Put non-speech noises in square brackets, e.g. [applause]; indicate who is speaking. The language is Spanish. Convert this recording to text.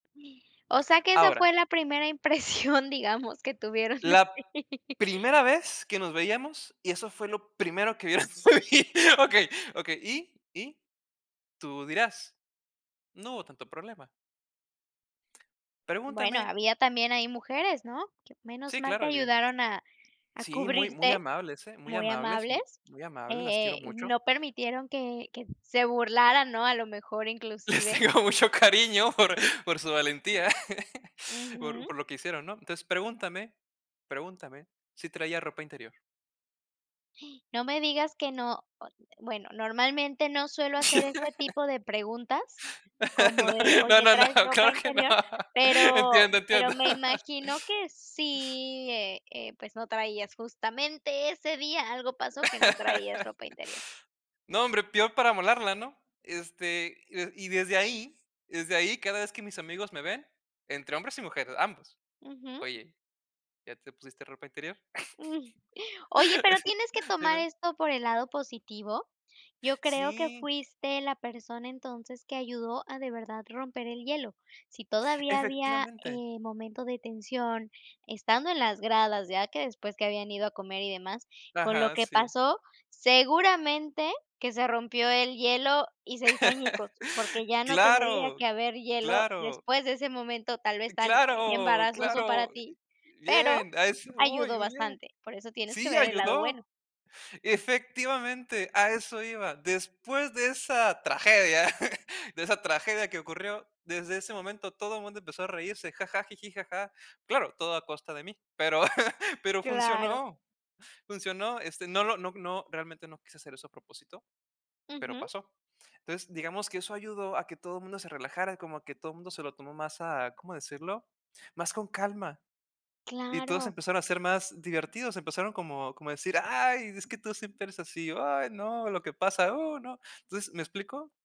Speaker 1: O sea que esa
Speaker 2: Ahora.
Speaker 1: fue la primera impresión, digamos, que tuvieron de
Speaker 2: La
Speaker 1: ti.
Speaker 2: primera vez que nos veíamos, y eso fue lo primero que vieras por ahí. Okey, okey, y y tú dirás: "No hubo tanto problema".
Speaker 1: Bueno,
Speaker 2: Pregúntenme.
Speaker 1: había también ahí mujeres, ¿no? Q menos
Speaker 2: Sí,
Speaker 1: mal
Speaker 2: claro,
Speaker 1: te
Speaker 2: evidente.
Speaker 1: ayudaron a a
Speaker 2: Sí, muy, muy
Speaker 1: cubrirte,
Speaker 2: amables, ¿eh? Muy
Speaker 1: muy
Speaker 2: amables, m
Speaker 1: amables,
Speaker 2: muy amables, las quiero
Speaker 1: eh,
Speaker 2: mucho.
Speaker 1: no permitieron que que se burlaran, ¿no? A lo mejor
Speaker 2: Les
Speaker 1: inclusive.
Speaker 2: tengo mucho cariño por, por su valentía, [laughs] por
Speaker 1: Ujú.
Speaker 2: por lo que hicieron, ¿no? Entonces, pregúntame, pregúntame si traía ropa interior.
Speaker 1: No me digas que no bueno, normalmente no suelo hacer este tipo de preguntas, como de
Speaker 2: [laughs] No,
Speaker 1: oye:
Speaker 2: no, no,
Speaker 1: "¿Traes ropa
Speaker 2: claro que no.
Speaker 1: interior?" Pero
Speaker 2: Entiendo,
Speaker 1: pero
Speaker 2: entiendo.
Speaker 1: me
Speaker 2: [laughs]
Speaker 1: imagino que sí, e eh, pues no traías, justamente, ese día algo pasó, que no traías
Speaker 2: [laughs]
Speaker 1: ropa interior.
Speaker 2: No, hombre, peor para amolarla, ¿no? Este, y desde ahí desde ahí, cada vez que mis amigos me ven, entre hombres y mujeres, ambos:
Speaker 1: Ujú.
Speaker 2: "Oye, ¿ya te pusiste ropa interior?"
Speaker 1: Mm, oye, pero tienes que
Speaker 2: [laughs]
Speaker 1: tomar
Speaker 2: Dime.
Speaker 1: esto por el lado positivo, yo creo que
Speaker 2: Sí.
Speaker 1: fuiste la persona entonces que ayudó a de verdad romper el hielo. Si todavía había,
Speaker 2: Efectivamente.
Speaker 1: eh, momento de tensión, estando en las gradas, ya que después que habían ido a comer y demás, con lo
Speaker 2: Ajá,
Speaker 1: que
Speaker 2: sí.
Speaker 1: pasó, seguramente que se rompió el hielo y se hizo añicos, porque
Speaker 2: [chuckles]
Speaker 1: ya no tendría
Speaker 2: Claro,
Speaker 1: que haber hielo
Speaker 2: claro.
Speaker 1: después de ese momento, tal vez tan
Speaker 2: Claro,
Speaker 1: embarazoso para
Speaker 2: claro.
Speaker 1: ti, pero
Speaker 2: Bien A eso voy Uy,
Speaker 1: ayudó
Speaker 2: muy bien.
Speaker 1: bastante, por eso tienes que
Speaker 2: Sí,
Speaker 1: ver el lado
Speaker 2: ayudó.
Speaker 1: bueno.
Speaker 2: Efectivamente, a eso iba. Después de esa tragedia, [chuckles] de esa tragedia que ocurrió, desde ese momento todo mundo empezó a reírse, jaja, jiji, jaja. Claro, todo a costa de mí, pero, [chuckles] pero
Speaker 1: Claro.
Speaker 2: funcionó, funcionó. Este, no lo no no realmente, no quise hacer eso a propósito, pero
Speaker 1: Ujú.
Speaker 2: pasó. Entonces, digamos que eso ayudó a que todo mundo se relajara, como a que todo mundo se lo tomó más a, ¿cómo decirlo? Más con calma y todos
Speaker 1: Claro.
Speaker 2: empezaron a ser más divertidos, empezaron como como a decir: "Ay, es que tú siempre eres así". "Ay, no, lo que pasa", "oh, no". Entonces, ¿me explico?